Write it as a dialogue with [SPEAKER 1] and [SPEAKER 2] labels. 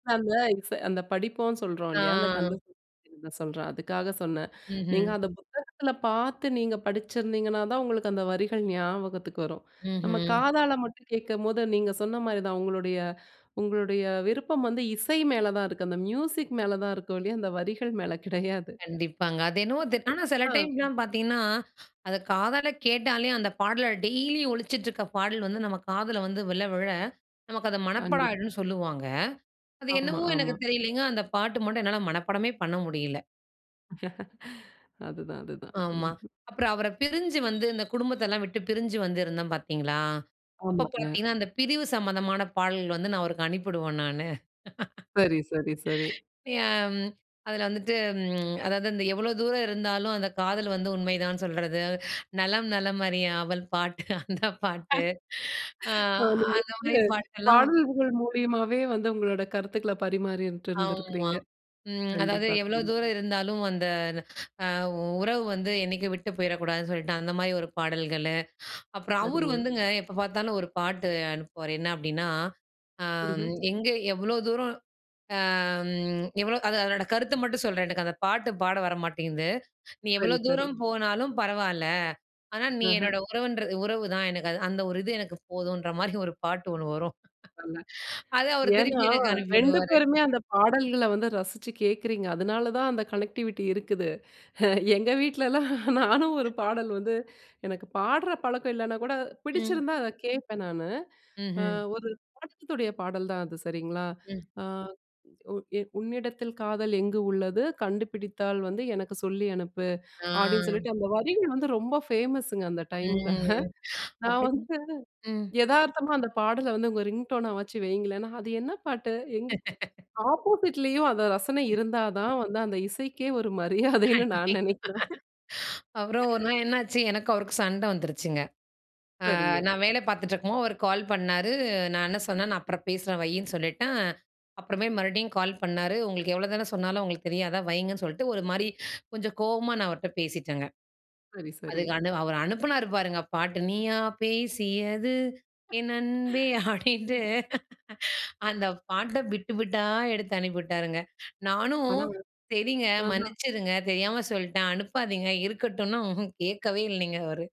[SPEAKER 1] அந்த [unintelligible] அந்த படிப்போம்ன்னு சொல்றோம்
[SPEAKER 2] ஆ.
[SPEAKER 1] இல்லையா? அந்த கந்த [unintelligible] சொல்றேன், அதுக்காக சொன்னன். நீங்க
[SPEAKER 2] ம்ஹும்.
[SPEAKER 1] அத புத்தகத்துல பாத்து நீங்க படிச்சிருந்திங்கனா தான், உங்களுக்கு அந்த வரிகள் ஞாபகத்துக்கு வரும். நம்ப
[SPEAKER 2] ம்ஹும்.
[SPEAKER 1] காதால மட்டும் கேட்கும்போது நீங்க சொன்ன மாரிதான் உங்களுடைய உங்களுடைய விருப்பம் வந்து இசை மேல தான் இருக்கு. அந்த மியூசிக் மேல தான் இருக்கு ஒழிய, அந்த வரிகள் மேல கிடையாது.
[SPEAKER 2] கண்டிப்பாங்க. அது என்னமோங்க ஆனா சில
[SPEAKER 1] ஆ.
[SPEAKER 2] டைம்லாம் பார்த்தீங்கன்னா, அதை காதால கேட்டாலே அந்த பாடல டெய்லி ஒழிச்சிட்டுருக்கிற பாடல் வந்து நம்ப காதுல வந்து விழ விழ, நமக்கு அது மனப்பாடம்
[SPEAKER 1] கண்டிப்
[SPEAKER 2] ஆகிடும்னு சொல்லுவாங்க. அது
[SPEAKER 1] ஆமா,
[SPEAKER 2] என்னவோ
[SPEAKER 1] ஆமா.
[SPEAKER 2] எனக்கு தெரியலைங்க, அந்த பாட்டு மட்டும் என்னால மனப்பாடமே பண்ண முடியல.
[SPEAKER 1] அதுதான், அதுதான்.
[SPEAKER 2] ஆமா.
[SPEAKER 1] ம்.
[SPEAKER 2] அப்புறம் அவர பிரிஞ்சு வந்து இந்த குடும்பத்த எல்லாம் விட்டு பிரிஞ்சு வந்து இருந்தோம் பார்த்தீங்களா? அப்போ
[SPEAKER 1] ஆமாங்க.
[SPEAKER 2] பார்த்தீங்கனா, அந்த பிரிவு சம்பந்தமான பாடல்கள் வந்து நான் அவருக்கு அனுப்பி விடுவேன் நானு.
[SPEAKER 1] சரி, சரி, சரி.
[SPEAKER 2] ஏன் அதில வந்துட்டு ம் அதாவது அந்த எவ்ளோ தூரம் இருந்தாலும் அந்த காதல் வந்து உண்மைதான் சொல்றது, நலம் நலம் அறிய ஆவல் பாட்டு அந்த பாட்டு. அ,
[SPEAKER 1] நீங்க
[SPEAKER 2] அந்த மாரி
[SPEAKER 1] வந்து
[SPEAKER 2] பாட்டெல்லாம்
[SPEAKER 1] பாடல்கள் மூலியமாவே வந்து உங்களோட கருத்துக்கள பரிமாறிட்டு
[SPEAKER 2] ஆமா.
[SPEAKER 1] இருந்திருக்கிறீங்க.
[SPEAKER 2] ம். அதாவது
[SPEAKER 1] கண்டிப்பா,
[SPEAKER 2] எவ்ளோ தூரம்
[SPEAKER 1] கண்டிப்பா.
[SPEAKER 2] இருந்தாலும் அந்த அ உறவு வந்து என்னைக்கும் விட்டு போய்றக்கூடாதுன்னு சொல்லிட்டு அந்த மாரி ஒரு பாடல்கள்லு, அப்புறம் அவரு
[SPEAKER 1] சரிங்க.
[SPEAKER 2] வந்துங்க எப்போ பார்த்தாலும் ஒரு பாட்டு அனுப்புவாரு என்ன? அப்படின்னா, அம்
[SPEAKER 1] ம்ஹும்.
[SPEAKER 2] எங்க எவ்வளோ தூரம் எவ்ளோ அம் அது அதோட கருத்த மட்டும் சொல்றேன் எனக்கு அந்த பாட்டு பாட வர மாட்டேங்குது. நீ எவ்வளோ
[SPEAKER 1] சரி, சரி.
[SPEAKER 2] தூரம் போனாலும் பரவால்ல ஆனா நீ
[SPEAKER 1] ம்ஹும்.
[SPEAKER 2] என்னோட உறவுன்றது, உறவு தான் எனக்கு அது அந்த ஒரு இது எனக்கு போதுன்ற மாரி ஒரு பாட்டு ஒண்ணு வரும்.
[SPEAKER 1] [unintelligible]
[SPEAKER 2] அத அவரு
[SPEAKER 1] ஏன்னா,
[SPEAKER 2] திருப்பி எனக்கு அனுப்பி
[SPEAKER 1] 2
[SPEAKER 2] விடுவாரு.
[SPEAKER 1] பேருமே அந்த பாடல்கள வந்து ரசிச்சி கேக்குறீங்க. அதனால தான் அந்த கனெக்டிவிட்டி இருக்குது. எங்க வீட்லலாம் நானும் ஒரு பாடல் வந்து எனக்கு பாடுற பழக்கம் இல்லைனா கூட
[SPEAKER 2] ம்.
[SPEAKER 1] பிடிச்சிருந்தா அத கேட்பேன் நானு. அ
[SPEAKER 2] ம்ஹும்.
[SPEAKER 1] ஒரு படத்துடைய பாடல் தான் அது சரிங்களா?
[SPEAKER 2] ம்.
[SPEAKER 1] அ. உன்னிடத்தில் காதல் எங்கு உள்ளது கண்டுபிடித்தால் வந்து எனக்கு சொல்லி அனுப்பு, அப்படின்னு
[SPEAKER 2] ஆ.
[SPEAKER 1] சொல்லிட்டு அந்த வரிகள் வந்து ரொம்ப ஃபேமஸுங்க, அந்த டைம்ல.
[SPEAKER 2] ம்.
[SPEAKER 1] நான்
[SPEAKER 2] அப்டி
[SPEAKER 1] வந்து
[SPEAKER 2] ம்.
[SPEAKER 1] எதார்த்தமா அந்த பாடல வந்து உங்க ரிங்டோனா வச்சு வையுங்களேன்னா, அது என்ன பாட்டு? எங்க ஆப்போசிட்லேயும் அந்த ரசனை இருந்தா தான் வந்து, அந்த இசைக்கே ஒரு மரியாதைன்னு நான்
[SPEAKER 2] கண்டிப்பா.
[SPEAKER 1] நினைக்கிறேன்.
[SPEAKER 2] அப்புறம் ஒரு நாள் என்னாச்சு, எனக்கும் அவருக்கும் சண்ட வந்துருச்சுங்க. அ
[SPEAKER 1] சரிங்க.
[SPEAKER 2] நான் வேல பார்த்துட்டு இருக்கும்போது அவர் கால் பண்ணாரு, நான் என்ன சொன்னேன், நான் அப்புறம் பேசுறேன் வைன்னு சொல்லிட்டேன். அப்புறமேல் மறுபடியும் கால் பண்ணாரு, உங்களுக்கு எவ்வளோதான் சொன்னாலும் உங்களுக்கு தெரியாதா? வைங்கன்னு சொல்லிட்டு ஒரு மாரி கொஞ்சம் கோவமா நான் அவர்ட்ட பேசிட்டேங்க.
[SPEAKER 1] சரி, சரி.
[SPEAKER 2] அதுக்கண்டி அவரு அனுப்பினாரு பாருங்க பாட்டு, "நீயா பேசியது என் அன்பே" அ ப்படின்ட்டு.
[SPEAKER 1] ம்.
[SPEAKER 2] அந்த பாட்ட பிட் பிட்டா எடுத்து அனுப்பிவிட்டாருங்க. நானும்
[SPEAKER 1] ஆனா
[SPEAKER 2] செரிங்க,
[SPEAKER 1] ஆஹா.
[SPEAKER 2] மன்னிச்சிடுங்க தெரியாம சொல்லிட்டேன், அனுப்பாதிங்க இருக்கட்டும்னா, ம்ஹும் கேட்கவே இல்லிங்க, அவரு.